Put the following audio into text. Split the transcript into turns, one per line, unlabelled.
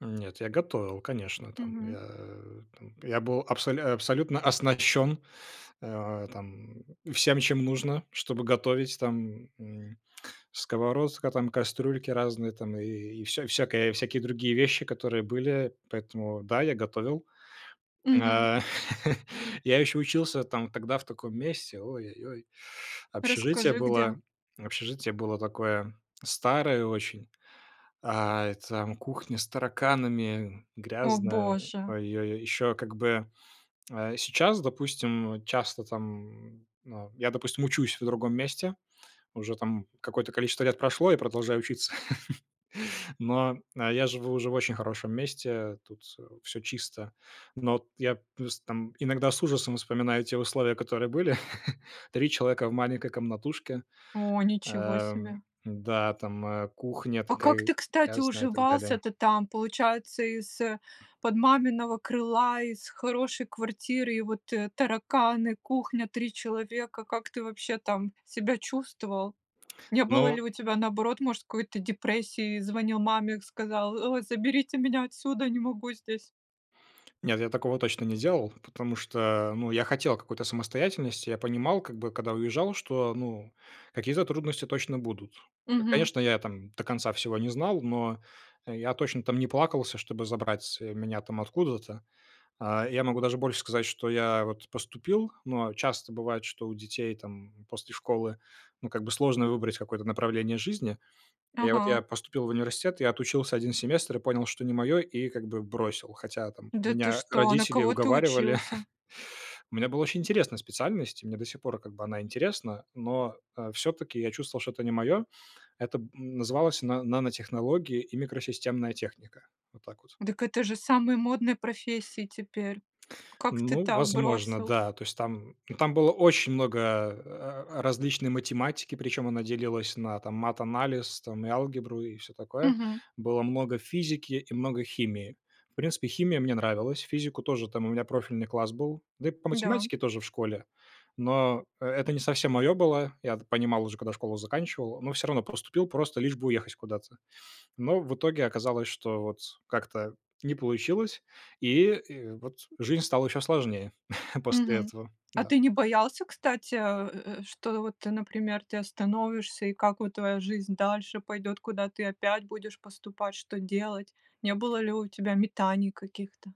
Нет, я готовил, конечно там.
Мгм.
Я, э, там я был абсоль абсолютно оснащён, э, там всем, чем нужно, чтобы готовить. Там, м, сковородка, там кастрюльки разные, там и и всё всякое и всякие другие вещи, которые были, поэтому да, я готовил.
Мгм.
А, я еще учился, там, тогда в таком месте, ой ой ой. Общежитие
Расскажи где?
было общежитие было такое старое очень, э, и там кухня с тараканами,
О,
грязная,
боже!
ой ой ой. Ещё как бы, э, сейчас, допустим, часто там, на я, допустим, учусь в другом месте. Уже там какое-то количество лет прошло, я продолжаю учиться. Но, а я живу уже в очень хорошем месте, тут, э, всё чисто. Но от я плюс там иногда с ужасом вспоминаю те условия, которые были: 3 человека в маленькой комнатушке.
О, ничего себе!
Эм, да, там, э, кухня
А как
такая
ты, кстати,
грязная и так далее.
уживался-то там? Получается, из-под маминого крыла, из хорошей квартиры, и вот тараканы, кухня, 3 человека. Как ты вообще там себя чувствовал? Не было
Ну
ли у тебя, наоборот, может, какой-то депрессии? Звонил маме, сказал: "О, заберите меня отсюда, не могу здесь."
Нет, я такого точно не делал. Потому что, ну, я хотел какой-то самостоятельности. Я понимал, как бы, когда уезжал, что, ну, какие-то трудности точно будут. Я
Мгм.
конечно, я, там, до конца всего не знал, но я точно, там, не плакался, чтобы забрать меня, там, откуда-то. А, я могу даже больше сказать, что я, вот, поступил. Но часто бывает, что у детей, там, после школы, ну, как бы, сложно выбрать какое-то направление жизни. И вот
Ага.
я поступил в университет, я отучился 1 семестр и понял, что не моё, и как бы бросил, хотя, там,
Да ты
меня
что! На
родители
кого ты
уговаривали.
учился?
У меня была очень интересная специальность, и мне до сих пор, как бы, она интересна, но, э, всё-таки я чувствовал, что это не моё. Это б называлось на "Нанотехнологии и микросистемная техника". Вот так вот.
Дак это же самые модные профессии теперь. Как ты
Ну,
так
возможно,
бросил?
да. То есть там ну там было очень много, э, э, различной математики, причём она делилась на, там, матанализ, там, и алгебру, и всё такое.
Мгм.
Было много физики, и много химии. В принципе, химия мне нравилась. Физику тоже, там у меня профильный класс был, да и по
Да.
математике тоже в школе Но, э, это не совсем моё было. Я это понимал уже, когда школу заканчивал, но всё равно поступил, просто лишь бы уехать куда-то. Но в итоге оказалось, что вот как-то не получилось и и вот, жизнь стала ещё сложнее после
Мгм.
этого,
А
да.
ты не боялся, кстати, э, э, что вот, например, ты остановишься, и как вот твоя жизнь дальше пойдет, куда ты опять будешь поступать, что делать? Не было ли у тебя метаний каких-то?